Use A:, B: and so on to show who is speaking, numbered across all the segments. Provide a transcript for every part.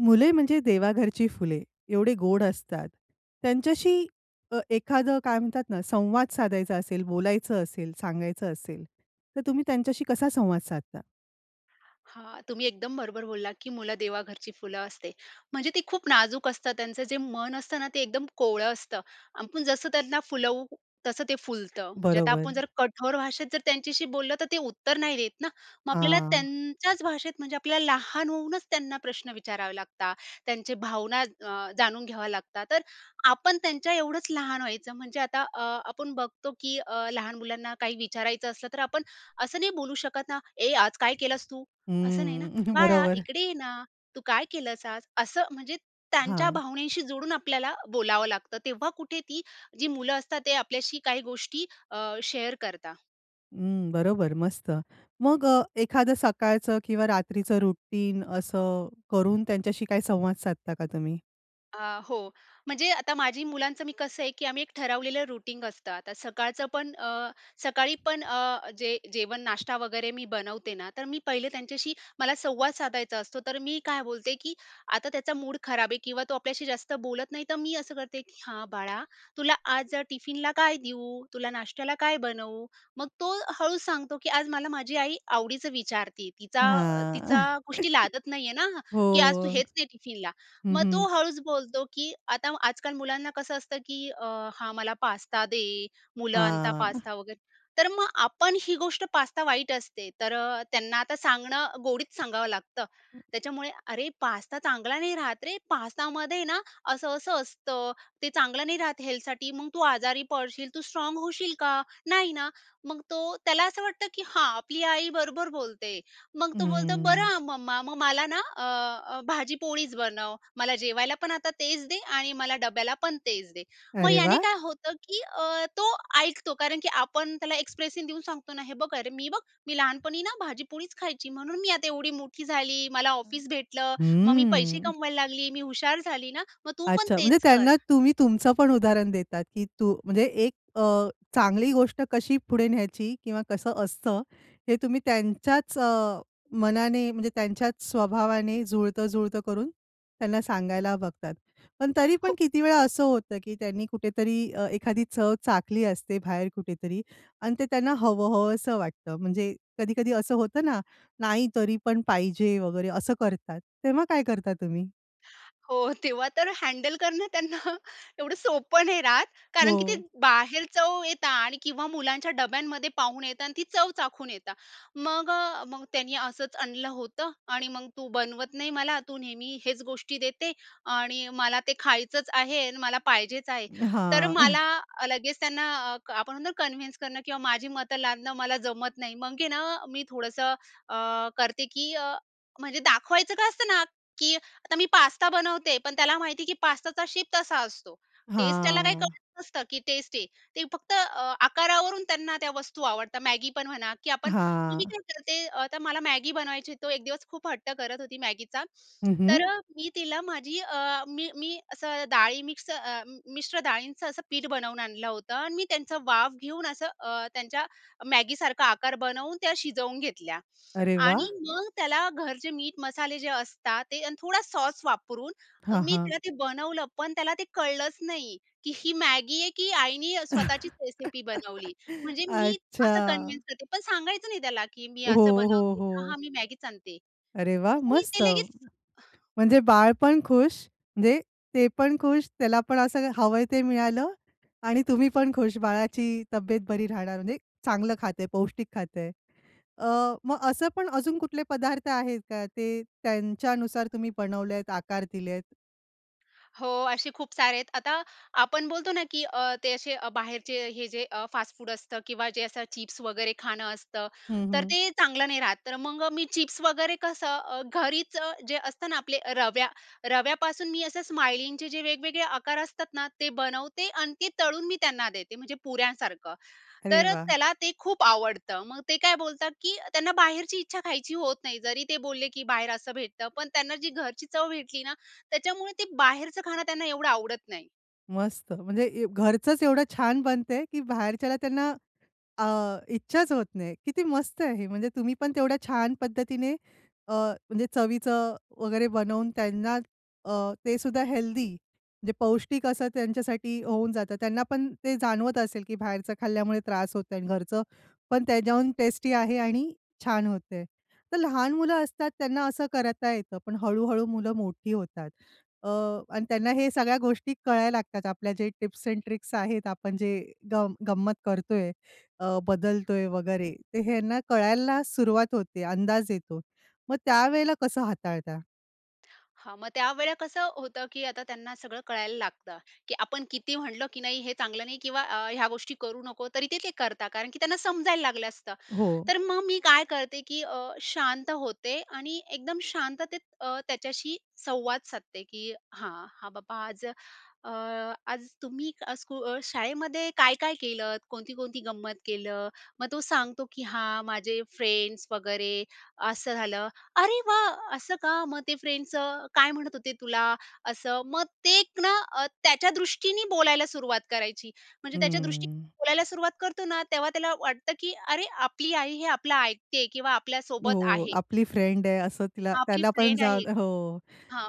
A: मुले म्हणजे देवाघरची फुले. एवढे गोड असतात, त्यांच्याशी अ, एखादं काय म्हणतात ना, संवाद साधायचा असेल, बोलायचं असेल, सांगायचं असेल तर तुम्ही त्यांच्याशी कसा संवाद साधता?
B: हां, तुम्ही एकदम बरोबर बोललात की मुलं देवाघरची फुलं असते, म्हणजे ती खूप नाजूक असतात. त्यांचं जे मन असतं ना, ते एकदम कोवळं असतं. आपण जसं त्यांना फुलवू तसं ते फुलतं, म्हणजे आता आपण
A: बरोबर.
B: जर कठोर भाषेत जर त्यांच्याशी बोललं, तर ते उत्तर नाही देत ना. मग आपल्याला
A: हां.
B: त्यांच्याच भाषेत म्हणजे आपल्याला लहान होऊनच त्यांना प्रश्न विचारावे लागता. त्यांचे भावना अ, जाणून घ्यावे लागतात, तर आपण त्यांच्या एवढंच लहान व्हायचं म्हणजे आता अ, आपण बघतो की अ, लहान मुलांना काही विचारायचं असलं, तर आपण असं नाही बोलू शकत ना, "ए आज काय केलंस तू?" असं नाही ना.
A: हम्म
B: "बाळा
A: बरोबर.
B: इकडे ये ना, तू काय केलंस आज?" असं म्हणजे त्यांच्या
A: हां.
B: भावनेशी जोडून आपल्याला बोलावं लागतं. तेव्हा कुठे ती जी मुलं असतात ते आपल्याशी काही गोष्टी अ, शेअर करता.
A: हं, बरोबर, मस्त. मग अ, एखादं सकाळचं किंवा रात्रीचं रुटीन असं करून त्यांच्याशी काही संवाद साधता का तुम्ही?
B: अ, हो. म्हणजे आता माझी मुलांचं मी कसं आहे की आम्ही एक ठरवलेलं रूटीन असतं. आता सकाळचं पण अ, सकाळी पण अ, जे जेवण नाष्टा वगैरे मी बनवते ना, तर मी पहिले त्यांच्याशी मला संवाद साधायचा असतो. तर मी काय बोलते की आता त्याचा मूड खराब आहे किंवा तो आपल्याशी जास्त बोलत नाही, तर मी असं करते की "हां बाळा, तुला आज टिफिनला काय देऊ? तुला नाश्त्याला काय बनवू?" मग तो हळूच सांगतो की "आज मला माझी आई आवडीचं विचारते, तिचा तिचा
A: हां.
B: गोष्टी लादत नाही आहे ना
A: हो,
B: की आज तू हेच ने टिफिनला."
A: हं,
B: मग
A: हं.
B: तो हळूच बोलतो की आता आजकाल मुलांना कसं असतं की "अ, हां मला पास्ता दे." मुलं आणता
A: हां.
B: पास्ता वगैरे. तर मग आपण ही गोष्ट, पास्ता वाईट असते तर त्यांना आता सांगणं गोडीत सांगावं लागतं. त्याच्यामुळे, "अरे पास्ता चांगला नाही राहत रे. पास्ता मध्ये आहे ना असं-असं असतं ते चांगलं नाही राहत हेल्थ साठी. मग तू आजारी पडशील. तू स्ट्राँग होशील का? नाही ना." मग तो त्याला असं वाटतं, की हा आपली आई बरोबर बोलते. मग तो बोलतो, "बरं
A: हं.
B: आ मम्मा, मग मला ना अ, भाजीपोळीच बनव मला जेवायला. पण आता तेच दे आणि मला डब्याला पण तेच दे." मग
A: अरे
B: याने
A: वाह!
B: काय होतं की अ, तो ऐकतो. कारण की आपण त्याला एक्सप्रेशन देऊन सांगतो ना. हे बघ अरे मी बघ, "मी लहानपणी ना भाजीपोळीच खायची. म्हणून मी आता एवढी मोठी झाली, मला ऑफिस भेटलं, मग मी पैसे
A: हं.
B: कमवायला लागली. मी हुशार झाली ना, मग तू पण
A: अच्छा, म्हणजे
B: तेच कर."
A: त्यांना तुम्ही तुमचं पण उदाहरण देतात, की तू म्हणजे एक अ, चांगली गोष्ट कशी पुढे न्यायची किंवा कसं असतं, हें तुम्ही त्यांच्याच अ, मनाने, म्हणजे त्यांच्याच स्वभावाने जुळतं-जुळतं करून त्यांना सांगायला बघतात. पण तरी पण
B: हो.
A: किती वेळा असं होतं, की त्यांनी कुठेतरी अ, एखादी चव चाखली असते बाहेर कुठेतरी आणि ते त्यांना हवं-हवसं वाटतं. म्हणजे कधी-कधी असं होतं ना, नाही तरी पण पाहिजे वगैरे असं करतात. तेव्हा काय करता तुम्ही?
B: हो, तेव्हा तर हँडल करणं त्यांना एवढं सोपं नाही राहत. कारण की ते,
A: हो.
B: बाहेर जाऊन येता आणि किंवा मुलांच्या, डब्यांमध्ये पाहून येता आणि ती चव चाखून येता. मग मग त्यांनी असंच आणलं होतं आणि मग, तू बनवत नाही मला, तू नेहमी हेच गोष्टी देते आणि मला ते खायचंच आहे आणि मला पाहिजेच आहे. तर मला,
A: हां.
B: लगेच त्यांना अ, आपण म्हणतो ना कन्विन्स करणं किंवा माझी मतं लादणं मला जमत नाही. मग आहे ना, मी थोडंसं अ, करते की अ, म्हणजे दाखवायचं काय असतं ना, की आता मी पास्ता बनवते, पण, त्याला माहिती आहे की पास्ताचा शेप तसा असतो. टेस्ट त्याला, काही
A: हां.
B: [unintelligible] नसतं की टेस्ट आहे. ते फक्त, आकारावरून त्यांना त्या वस्तू आवडतात. Maggi पण म्हणा की आपण, मी
A: हां.
B: काय करते, तर मला Maggi बनवायची, तो एक दिवस खूप हट्ट करत होती Maggiचा.
A: हं,
B: तर,
A: हं.
B: मी तिला माझी अ, मी मी असं डाळी मिक्स अ, मिश्र डाळींचं असं, पीठ बनवून आणलं होतं आणि मी, त्यांच वाफ घेऊन असं अ, त्यांच्या Maggi सारखा आकार बनवून, त्या शिजवून घेतल्या
A: अरे, वाह!
B: आणि मग त्याला घरचे मीठ मसाले, जे असतात ते आणि थोडा सॉस वापरून, अ,
A: हां,
B: मी
A: हां.
B: त्याला ते बनवलं. पण, त्याला ते कळलंच नाही की ही Maggi आहे की आईने स्वतःचीच रेसिपी बनवली. म्हणजे मी
A: अच्छा.
B: असं कन्व्हेन्स करते, पण सांगायचं नाही, त्याला की मी असं
A: हो, हो,
B: बनवते. हा, हा,
A: हो.
B: मी Maggiच आणते
A: अरे, वाह!
B: तर, [unintelligible]
A: मस्त.
B: ते लगेच
A: म्हणजे बाळपण खुश, म्हणजे ते पण खुश, त्याला पण असं हवंय, ते मिळालं आणि तुम्ही पण खुश. बाळाची तब्येत बरी राहणार म्हणजे चांगलं खात आहे, पौष्टिक खात आहे. अ, मग असं पण अजून कुठले पदार्थ आहेत का, ते त्यांच्यानुसार तुम्ही बनवलेत, आकार दिलेत?
B: हो, असे खूप सारे आहेत. आता आपण बोलतो ना की अ, ते असे बाहेरचे हे जे अ, फास्टफूड असतं किंवा जे असं चिप्स वगैरे खाणं असतं,
A: हं,
B: तर
A: हं.
B: ते चांगलं नाही राहत. तर मग मी चिप्स वगैरे कसं अ, घरीचं जे असतं ना आपले रव्या रव्यापासून मी असं स्माइलिंगचे जे वेगवेगळे आकार असतात ना, ते बनवते आणि ते तळून मी त्यांना देते, म्हणजे पुऱ्यांसारखं,
A: अरे
B: तर
A: वाह!
B: त्याला ते खूप आवडतं. मग ते काय बोलतात की त्यांना बाहेरची इच्छा खायची होत नाही. जरी ते बोलले, "की बाहेर असं भेटतं", पण त्यांना जी घरची चव भेटली ना, त्याच्यामुळे ते बाहेरचं खाणं त्यांना एवढं आवडत नाही.
A: मस्त म्हणजे ए घरचंच एवढं छान बनतंय की बाहेरच्याला त्यांना अ, इच्छाच होत नाही. किती मस्त आहे हे, म्हणजे तुम्ही पण तेवढ्या छान पद्धतीने अ, म्हणजे चवीचं वगैरे बनवून त्यांना अ, ते सुद्धा हेल्दी, जे पौष्टिक असं त्यांच्यासाठी होऊन जातं. त्यांना पण ते जाणवत असेल की बाहेरचं खाल्ल्यामुळे त्रास होतोआणि घरचं पण त्याहून टेस्टी आहे आणि छान होतं आहे. तर लहान मुलं असतात, त्यांना असं करता येतं, पण हळू-हळू मुलं मोठी होतात. अ, आणि त्यांना हे सगळ्या गोष्टी कळायला लागतात, आपल्या जे टिप्स एंड ट्रिक्स आहेत, आपण जे गंम गंमत करतोय अ, बदलतोय वगैरे ते ह्यांना कळायला सुरुवात होते, अंदाज येतो. मग त्यावेळेला कसं हाताळता?
B: हां, मग त्यावेळा कसं होतं की आता त्यांना सगळं कळायला लागतं की आपण किती म्हणलं की नाही हे चांगलं नाही किंवा अ, ह्या गोष्टी करू नको, तरी ते, ते करतात, कारण की त्यांना समजायला लागलं असतं.
A: हो.
B: तर मग मी काय करते की अ, शांत होते आणि एकदम शांततेत अ, त्याच्याशी संवाद साधते, की हां, हा बाबा आज अ, आज तुम्ही अ, स्कुल शाळेमध्ये काय-काय केलतं? कोणती-कोणती गंमत केलं? मग तो सांगतो, "की हां, माझे फ्रेंड्स वगैरे, असं झालं". अरे वाह! असं का? मग ते फ्रेंड्सचं काय म्हणत होते तुला? असं, मग ते एक ना अ, त्याच्या दृष्टीने बोलायला सुरुवात करायची. म्हणजे त्याच्या दृष्टीने
A: हम्म.
B: बोलायला सुरुवात करतो ना, तेव्हा त्याला वाटतं की अरे! आपली आई हे आपलं ऐकते किंवा आपल्यासोबत
A: हो.
B: आहे.
A: आपली फ्रेंड आहे असं तिला
B: आपली
A: त्याला पण
B: फ्रेंड
A: जा
B: आहे
A: हो.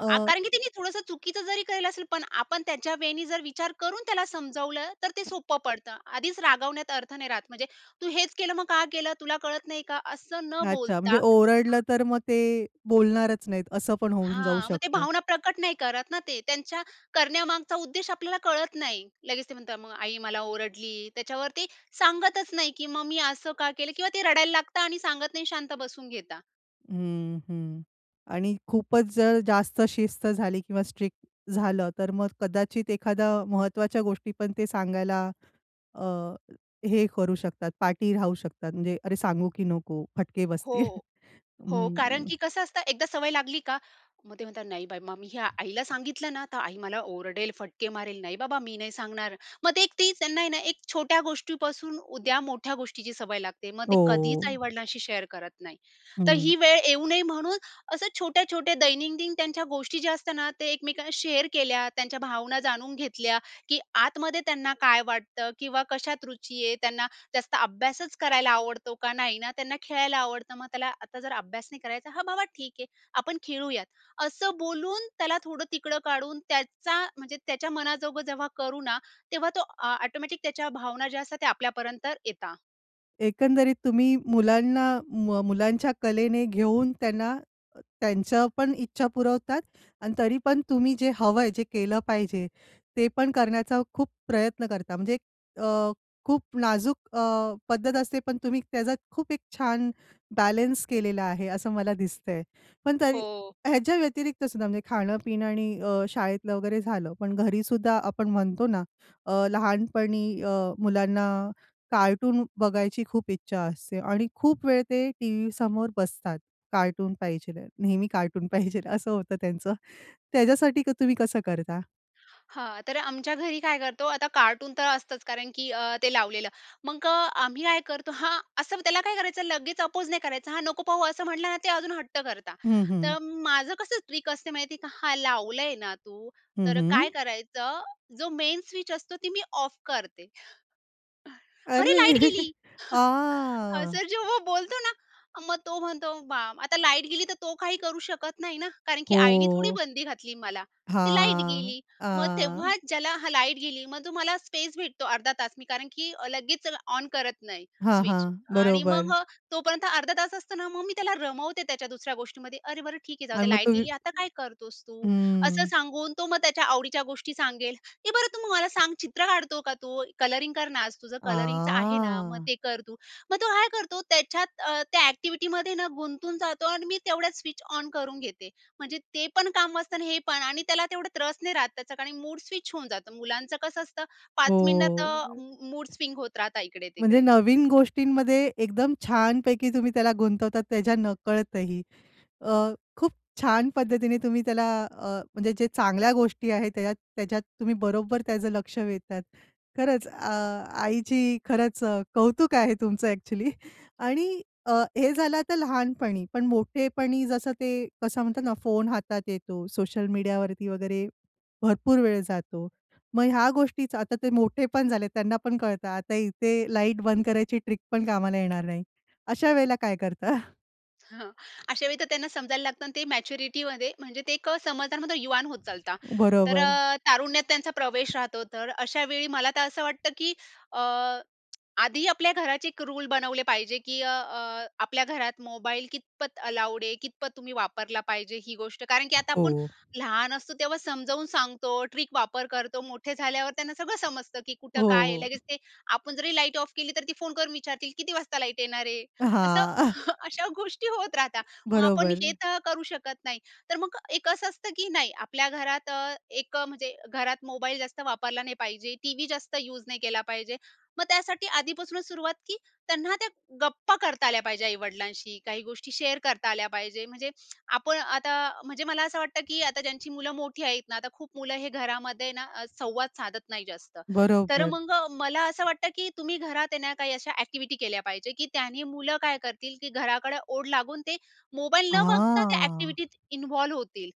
A: अ
B: कारण की तिने थोडंसं चुकीचं जरी केलं असेल, पण आपण त्याच्या वे नी जर विचार करून त्याला समजावलं तर ते सोपं पडतं. आधीच रागवण्यात अर्थ नाही राहत, म्हणजे तू हेच केलं, मग का केलं? तुला कळत नाही का? असं न
A: अच्छा,
B: बोलता
A: म्हणजे
B: हां
A: ओरडलं तर मग ते बोलणारच नाहीत, असं पण होऊन जाऊ
B: हां. मग ते
A: शकतं.
B: भावना प्रकट नाही करत ना ते. त्यांच्या करण्यामागचा उद्देश आपल्याला कळत नाही. लगेच ते म्हणतात, "मग आई मला ओरडली", त्याच्यावर ते सांगतच नाही की मग मी असं का केलं? किंवा ते रडायला लागतात आणि सांगत नाही शांत बसून घेतात.
A: हं, हं. आणि खूपच जर जास्त शिस्त झाली किंवा स्ट्रिक्ट झालं, तर मग कदाचित एखाद्या महत्त्वाच्या गोष्टी पण ते सांगायला अ, हे करू शकतात, पाठी राहू शकतात, म्हणजे "अरे! सांगू की नको? फटके
B: हो,
A: बसतील."
B: हो, कारण
A: हं.
B: की कसं असतं, एकदा सवय लागली का मग ते म्हणतात, "नाही बाई, मग मी हे आईला सांगितलं ना, तर आई मला ओरडेल, फटके मारेल. नाही बाबा, मी नाही सांगणार". मग ते एक तीच त्यांना आहे ना, एक छोट्या गोष्टीपासून उद्या मोठ्या गोष्टीची सवय लागते. मग ते कधीच
A: हो.
B: आई-वडिलांशी शेअर करत नाही. तर
A: हं.
B: ही वेळ येऊ नये, म्हणून असं छोट्या-छोट्या दैनंदिन त्यांच्या गोष्टी ज्या असतात ना, ते एकमेकांना शेअर केल्या, त्यांच्या भावना जाणून घेतल्या, की आतमध्ये त्यांना काय वाटतं? किंवा कशात रुची आहे? त्यांना जास्त अभ्यासच करायला आवडतो का? नाही ना, त्यांना खेळायला आवडतं. मग त्याला आता जर अभ्यास नाही करायचा, हा बाबा ठीक आहे, आपण खेळूयात, असं बोलून, त्याला थोडं तिकडं काढून त्याचा, म्हणजे त्याच्या मनाजोग जेव्हा करू ना, तेव्हा तो ऑ ऑटोमॅटिक त्याच्या भावना ज्या असतात, त्या आपल्यापर्यंत येतात.
A: एकंदरीत तुम्ही मुलांना, म मुलांच्या कलेने घेऊन, त्यांना त्यांच्या पण इच्छा पुरवतात आणि तरी पण तुम्ही जे हवं आहे, जे केलं पाहिजे, ते पण करण्याचा खूप प्रयत्न करता. म्हणजे अ, खूप नाजूक अ, पद्धत असते. पण तुम्ही त्याचा खूप एक छान बॅलेन्स केलेला आहे, असं मला दिसतंय. पण तरी
B: हो.
A: ह्याच्या व्यतिरिक्त सुद्धा, म्हणजे खाणं-पिणं आणि अ, शाळेतलं वगैरे झालं. पण घरीसुद्धा आपण म्हणतो ना अ, लहानपणी अ, मुलांना कार्टून बघायची खूप इच्छा असते आणि खूप वेळ ते टी-व्हीसमोर बसतात. कार्टून पाहिजे आहे, नेहमी कार्टून पाहिजे आहे, असं होतं त्यांचं. त्याच्यासाठी क तुम्ही कसं करता?
B: हां. तर आमच्या घरी काय करतो, आता कार्टूनतर असतच. कारण की अ, ते लावलेलं, मग अ, आम्ही काय करतो हां. असं त्याला काय करायचं, लगेच अपोज नाही करायचं. हां. नको पाहू असं म्हटलं ना ते अजून हट्ट करता.
A: हं. हं.
B: तर माझं कसं ट्रिक असते माहितीये का? हा लावलंय ना तू,
A: हं.
B: तर
A: हं.
B: काय करायचं. जो मेन स्विच असतो, ती मी ऑफ करते. अरे! लाईट
A: अरे!
B: गेली.
A: आं.
B: असं जेव्हा बोलतो ना. मग तो म्हणतो बा आता लाईट गेली तर, तो काही करू शकत नाही, ना कारण की आईने थोडी
A: हो.
B: बंदी घातली मला. ती लाईट
A: हां.
B: गेली. मग
A: आं.
B: तेव्हाच ज्याला हा लाईट गेली मग तो मला स्पेस भेटतो अर्धा-तास. मी कारण की लगेच ऑन करत नाही
A: हां.
B: स्विच.
A: हां.
B: आणि मग
A: बरोबर.
B: अ, तोपर्यंत अर्धा-तास असतो ना, मग मी त्याला रमवते त्याच्या दुसऱ्या गोष्टीमध्ये. अरे बरं ठीक आहे. जाऊ
A: आणि
B: दे,
A: मग
B: लाईट
A: तुम्ही
B: गेली, आता काय करतोस तू? असं
A: हं.
B: सांगून तो मग त्याच्या आवडीच्या गोष्टी सांगेल. "ए बरं तू मला सांग चित्र काढतो का तू? कलरिंग कर ना, आज तुझं कलरिंगचं आहे ना, मग
A: हां.
B: ते कर तू." मग तो काय करतो त्याच्यात अ, त्या एक्टिविटीमध्ये ना, गुंतून जातो आणि मी तेवढ्यात स्विच ऑन करून घेते. म्हणजे ते पण काम वाचतं आणि हे पण. आणि त्याला तेवढं त्रास नाही राहत त्याचा, कारण मूड स्विच होऊन जातो. मुलांचं कसं असतं 5 मिनिटात
A: हो.
B: अ, मूडस्विंग होत राहता
A: म्हणजे
B: इकडे-तिकडे.
A: नवीन गोष्टींमध्ये एकदम छानपैकी तुम्ही त्याला गुंतवतात त्याच्या नकळतही. अ, खूप छान पद्धतीने तुम्ही त्याला अ, म्हणजे जे चांगल्या गोष्टी आहेत, त्याच्यात त्याच्यात तुम्ही बरोबर त्याचं लक्ष वेधतात. खरंच अ, आईची खरंच अ, कौतुक आहे तुमचं अ‍ॅक्चुअली आणि अ, हे झालं आता लहानपणी. पण मोठेपणी जसं ते कसं म्हणतात ना, फोन हातात येतो, सोशल मीडिया वरती वगैरे भरपूर वेळ जातो. मग ह्या गोष्टीच आता ते मोठे पण झालेत, त्यांना पण कळतं. आता इथे लाईट बंद करायची ट्रिकपण कामाला येणार नाही. अशा वेळेला काय करता?
B: हं. अशावेळी तर त्यांना समजायला लागतं आणि ते मॅच्युरिटीमध्ये म्हणजे ते एक समजदार म्हणता ना, युवान होत चालता. तर
A: बरोबर.
B: अ, तारुण्यात त्यांचा प्रवेश राहतो, तर अशा वेळी मला तर असं वाटतं की अ, आधी आपल्या घराचे 1 रूल बनवले पाहिजे की अ, अ, आपल्या घरात मोबाईल कितपत अलाउड आहे? कितपत तुम्ही वापरला पाहिजे? ही गोष्ट. कारण की आता
A: हो.
B: आपण लहान असतो, तेव्हा समजावून सांगतो. ट्रिक वापर करतो. मोठे झाल्यावर त्यांना सगळं समजतं की कुठं
A: हो.
B: काय, लगेच ते आपण जरी लाईट ऑफ केली तर ती फोन करून विचारतील "किती वाजता लाईट येणार आहे?" असं
A: हां.
B: हं. अशा गोष्टी होत राहतात, मग आपण
A: बरोबर.
B: हे तर करू शकत नाही. तर मग एक असं असतं की नाही आपल्या घरात अ, एक म्हणजे घरात मोबाईल जास्त वापरला नाही पाहिजे. टीव्ही जास्त यूज नाही केला पाहिजे. मग त्यासाठी आधीपासूनच सुरुवात, की त्यांना त्या गप्पा करता आल्या पाहिजे आई-वडिलांशी, काही गोष्टी शेअर करता आल्या पाहिजे. म्हणजे आपण आता अ, म्हणजे मला असं वाटतं की आता ज्यांची मुलं मोठी आहेत ना, आता खूप मुलं हे घरामध्ये ना, संवाद साधत नाही जास्त. तर
A: बरोबर.
B: मग मला असं वाटतं की तुम्ही घरात आहे ना, काही अशा एक्टिव्हिटी केल्या पाहिजे, की त्यानी मुलं काय करतील, की घराकडे ओढ लागून ते मोबाईल न बघता त्या
A: हां.
B: एक्टिव्हिटीत इन्व्हॉल्व्ह होतील.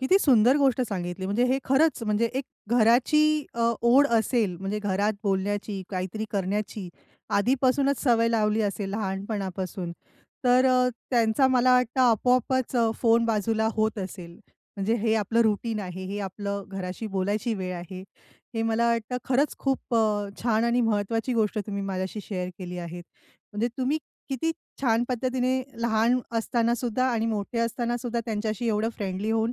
A: किती सुंदर गोष्ट सांगितली. म्हणजे हे खरंच, म्हणजे एक घराची अ, ओढ असेल. म्हणजे घरात बोलण्याची, काहीतरी करण्याची आधीपासूनच सवय लावली असेल लहानपणापासून, तर अ, त्यांचा मला वाटतं, आपोआपच फोन बाजूला होत असेल. म्हणजे हे आपलं रूटीन आहे, हे आपलं घराशी बोलायची वेळ आहे. हे मला वाटतं, खरंच खूप छान आणि महत्त्वाची गोष्ट तुम्ही माझ्याशी शेअर केली आहे, म्हणजे तुम्ही किती छान पद्धतीने लहान असतानासुद्धा आणि मोठे असतानासुद्धा त्यांच्याशी एवढं फ्रेंडली होऊन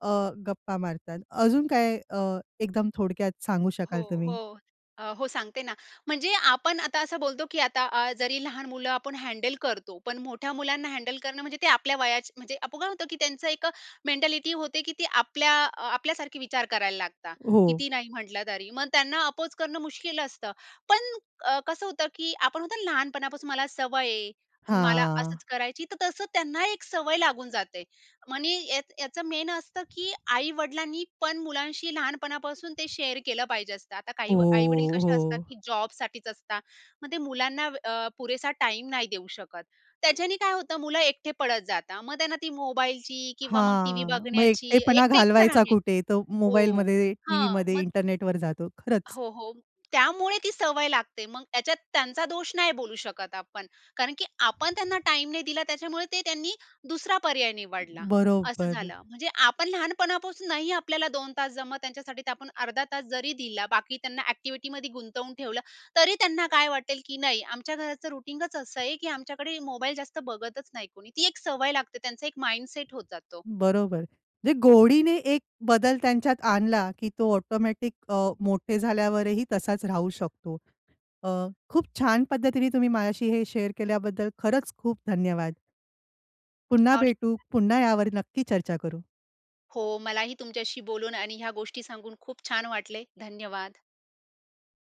A: अ, गप्पा मारतात. अजून काय अ, एकदम थोडक्यात सांगू
B: हो,
A: शकाल तुम्ही?
B: हो. अ, हो, सांगते ना, म्हणजे आपण आता असं बोलतो, की आता अ, जरी लहान मुलं आपण हँडल करतो. पण मोठ्या मुलांना हँडल करणं, म्हणजे ते आपल्या वयाची, म्हणजे आपण होतं, की त्यांचं एक मेंटॅलिटी होते, की ती आपल्या अ, आपल्यासारखे विचार करायला लागतात.
A: हो.
B: किती नाही म्हंटलं तरी. मग त्यांना अपोज करणं मुश्कील असतं. पण अ, कसं होतं की आपण म्हणतो ना, लहानपणापासून मला सवय आहे, मला
A: हां.
B: असंच करायची. तर तसं त्यांना एक सवय लागून जाते. मनी यात याचं मेन असतं, की आई-वडिलांनी पण मुलांशी लहानपणापासून ते शेअर केलं पाहिजे असतं. आता काही
A: हो,
B: व आई-वडील कसे असतात,
A: हो.
B: की जॉबसाठीच असतात. मग ते मुलांना वेळ अ, पुरेसा टाईम नाही देऊ शकत. त्याच्याने काय होतं? मुलं एकटे पडत जातात. मग त्यांना ती मोबाईलची किंवा मग टी-व्ही
A: हां, मग
B: बघण्याची,
A: एकटेपणा
B: एकटं-एकटं
A: घालवायचा
B: राहण्याची
A: कुठे? तो
B: हो.
A: मोबाईलमध्ये,
B: हां,
A: टीव्हीमध्ये,
B: मग
A: इंटरनेटवर जातो. खरंच.
B: हो, हो, त्यामुळे ती सवय लागते. मग त्याच्यात त्यांचा दोष नाही बोलू शकत आपण, कारण की आपण त्यांना टाईम नाही दिला. त्याच्यामुळे ते त्यांनी दुसरा पर्याय निवडला, असं
A: बरोबर.
B: झालं. म्हणजे आपण लहानपणापासून नाही आपल्याला 2 तास जमत त्यांच्यासाठी. तर आपण अर्धा तास जरी दिला. बाकी त्यांना एक्टिव्हिटीमध्ये गुंतवून ठेवलं. तरी त्यांना काय वाटेल, की नाही. आमच्या घराचं रुटीनच असं आहे, की आमच्याकडे मोबाईल जास्त बघतच नाही कोणी. ती एक सवय लागते. त्यांचा एक माइंडसेट होत जातो.
A: बरोबर, म्हणजे गोडीने एक बदल त्यांच्यात आणला, की तो ऑटोमॅटिक अ, मोठे झाल्यावर ही तसाच राहू शकतो. अ, खूप छान पद्धतीने तुम्ही माझ्याशी हे शेअर केल्याबद्दल खरंच खूप धन्यवाद! पुन्हा
B: आणि
A: भेटू. पुन्हा यावर नक्की चर्चा करू.
B: हो, मला ही तुमच्याशी बोलून आणि ह्या गोष्टी सांगून खूप छान वाटले. धन्यवाद!